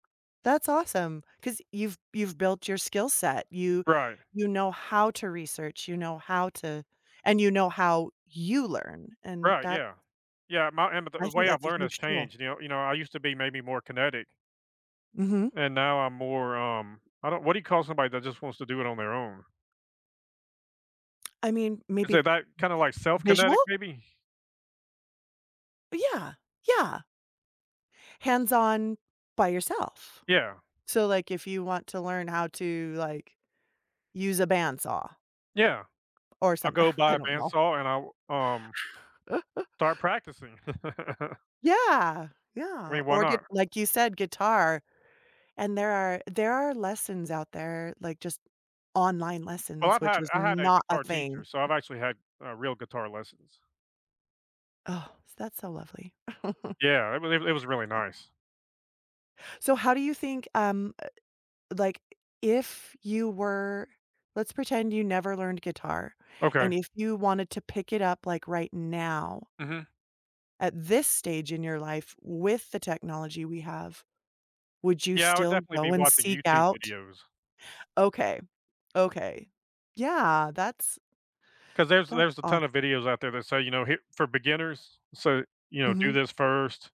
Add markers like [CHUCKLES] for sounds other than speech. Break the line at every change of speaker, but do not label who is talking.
That's awesome 'cause you've you've built your skill set. You
Right.
you know how to research, you know how to and you know how you learn, and
Right,
that
yeah. Yeah, my and m
I
the
think
way I've
that's a
learned has
huge tool.
changed, you know you know, I used to be maybe more kinetic
Mhm.
and now I'm more, um, I don't what do you call somebody that just wants to do it on their own?
[SMACKS LIPS] I mean, maybe v
Isn't that kinda, like,
visual?
self-kinetic maybe?
Yeah, yeah. Hands on, by yourself,
Yeah.
so, like, if you want to learn how to, like, use a band saw
Yeah,
or
I'll
someth
go
[SCOFFS]
buy
I
a
don't
band
know.
saw and I w um
[LAUGHS]
start practicing. [LAUGHS]
Yeah,
I
yeah,
mean, why
or gi
not?
like, you said, guitar, and there are there are lessons out there, like, just online
Well,
lessons,
I've
which
had
was
I had a
not a
guitar teacher,
thing.
so I've actually had, uh, real guitar lessons.
Oh, is that so lovely. [CHUCKLES]
Yeah, it was it was really nice.
So how do you think, um, eh, like, if you were let's pretend you never learned guitar,
Okay.
and if you wanted to pick it up, like, right now
Mhm.
at this stage in your life, with the technology we have, would you
Yeah, I would
still
definitely be
go and
watching
seek
YouTube
out
videos.
Okay. Okay. Yeah, that's
'Cause there's
that
there's a
awes
ton of videos out there that say, you know, "Here" for beginners, so, you know, "Do
Mhm.
this first."